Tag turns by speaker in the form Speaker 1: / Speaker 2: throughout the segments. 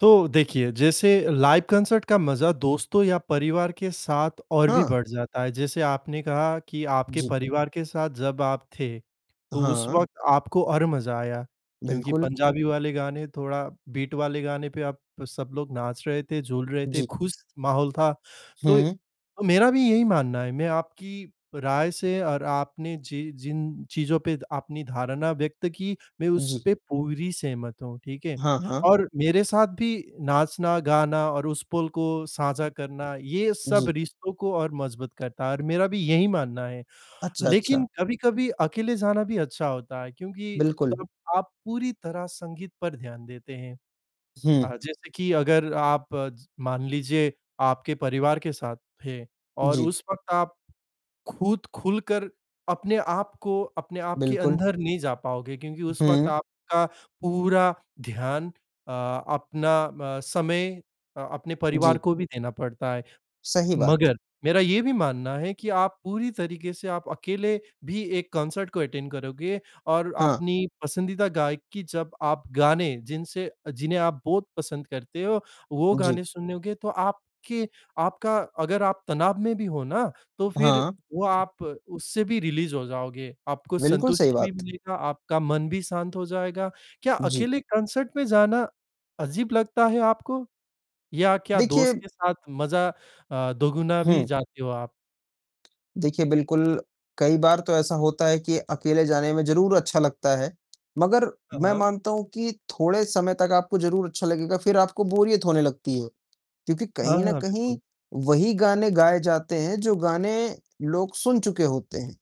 Speaker 1: तो देखिए जैसे लाइव कॉन्सर्ट का मजा दोस्तों या परिवार के साथ और भी
Speaker 2: हाँ।
Speaker 1: बढ़ जाता है, जैसे आपने कहा कि आपके
Speaker 2: जी।
Speaker 1: परिवार के साथ जब आप थे, तो उस
Speaker 2: हाँ।
Speaker 1: वक़्त आपको और मजा आया क्योंकि
Speaker 2: बिल्कुल।
Speaker 1: पंजाबी वाले गाने थोड़ा बीट वाले गाने पे आप सब लोग नाच रहे थे, झूल रहे थे,
Speaker 2: जी।
Speaker 1: खुश माहौल था। तो
Speaker 2: हुँ।
Speaker 1: मेरा भी यही मानना है, मैं आपकी राय से और आपने जि जिन चीज़ों पे अपनी धारणा व्यक्त की, मैं उस
Speaker 2: जी।
Speaker 1: पे पूरी सहमत हूँ, ठीक है?
Speaker 2: हाँ, हाँ।
Speaker 1: और मेरे साथ भी नाचना, गाना और उस पल को साझा करना ये सब
Speaker 2: जी।
Speaker 1: रिश्तों को और मजबूत करता है और मेरा भी यही मानना है।
Speaker 2: अच्छा, अच्छा।
Speaker 1: लेकिन कभी-कभी अकेले जाना भी अच्छा होता है क्योंकि
Speaker 2: बिल्कुल।
Speaker 1: तब आप पूरी तरह संगीत पर ध्यान देते हैं
Speaker 2: हुँ।
Speaker 1: अ, जैसे कि अगर आप मान लीजिए आपके परिवार के साथ थे और
Speaker 2: जी।
Speaker 1: उस वक़्त आप खुद खुलकर अपने आप को अपने आप के
Speaker 2: बिल्कुल।
Speaker 1: अंदर नहीं जा पाओगे क्योंकि उस वक़्त
Speaker 2: हुँ।
Speaker 1: आपका पूरा ध्यान, अ, अपना म समय अ, अपने परिवार
Speaker 2: जी।
Speaker 1: को भी देना पड़ता है,
Speaker 2: सही बात।
Speaker 1: मगर मेरा ये भी मानना है कि, आप पूरी तरीके से आप अकेले भी एक कॉन्सर्ट को अटेंड करोंगे और
Speaker 2: हाँ।
Speaker 1: अपनी पसंदीदा गायक की जब आप गाने जिनसे अ, जिन्हें आप बहुत पसंद करते हो, वो गाने
Speaker 2: जी।
Speaker 1: सुनोगे तो आपके आपका अगर आप तनाव में भी हो ना, तो फिर
Speaker 2: हाँ।
Speaker 1: वो आप उससे भी रिलीज़ हो जाओगे, आपको
Speaker 2: बिल्कुल सही
Speaker 1: संतुष्टि भी
Speaker 2: बात।
Speaker 1: मिलेगा, आपका मन भी शांत हो जाएगा। क्या
Speaker 2: जी।
Speaker 1: अकेले कॉन्सर्ट में जाना अजीब लगता है आपको या क्या
Speaker 2: देखिए
Speaker 1: दोस्त के साथ मजा अ, दोगुना भी
Speaker 2: हुँ।
Speaker 1: जाते हो आप?
Speaker 2: देखिए बिल्कुल, कई बार तो ऐसा होता है कि अकेले जाने में ज़रूर अच्छा लगता है, मगर
Speaker 1: हाँ,
Speaker 2: मैं
Speaker 1: हाँ।
Speaker 2: मानता हूँ कि थोड़े समय तक आपको ज़रूर अच्छा लगेगा, फिर आपको बोरियत होने लगती है क्योंकि
Speaker 1: हाँ,
Speaker 2: कहीं न
Speaker 1: हाँ।
Speaker 2: कहीं
Speaker 1: बिल्कुल।
Speaker 2: वही गाने गाए जाते हैं जो गाने लोग सुन चुके होते हैं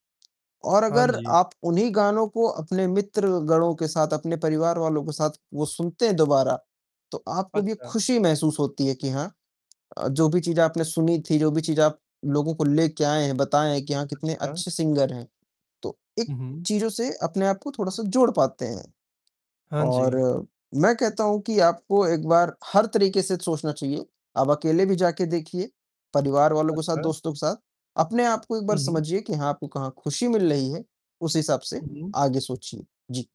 Speaker 2: और
Speaker 1: हाँ
Speaker 2: अगर
Speaker 1: जी।
Speaker 2: आप उन्हीं गानों को अपने मित्रगणों के साथ, अपने परिवार वालों के साथ सुनते हैं दोबारा, तो आपको भी
Speaker 1: अच्छा।
Speaker 2: खुशी महसूस होती है कि हाँ, अ, जो भी चीज़ आपने सुनी थी, जो भी चीज़ आप लोगों को लेके आए हैं, बताएँ कि हाँ, कितने
Speaker 1: अच्छा।
Speaker 2: अच्छे सिंगर हैं, तो इक
Speaker 1: हुँ, हुँ।
Speaker 2: चीज़ों से अपने आप को थोड़ा-सा जोड़ पाते हैं
Speaker 1: हाँ
Speaker 2: और
Speaker 1: जी।
Speaker 2: मैं कहता हूँ कि आपको एक बार हर तरीके से सोचना चाहिए, आप अकेले भी जाके देखिए, परिवार वालों के साथ,
Speaker 1: अच्छा।
Speaker 2: दोस्तों के साथ। अपने आप को एक
Speaker 1: उ
Speaker 2: बार
Speaker 1: हुँ।
Speaker 2: समझिए कि हाँ, आपको कहाँ खुशी मिल रही है, उस हिसाब से
Speaker 1: हुँ, हुँ।
Speaker 2: आगे सोचिए। जी।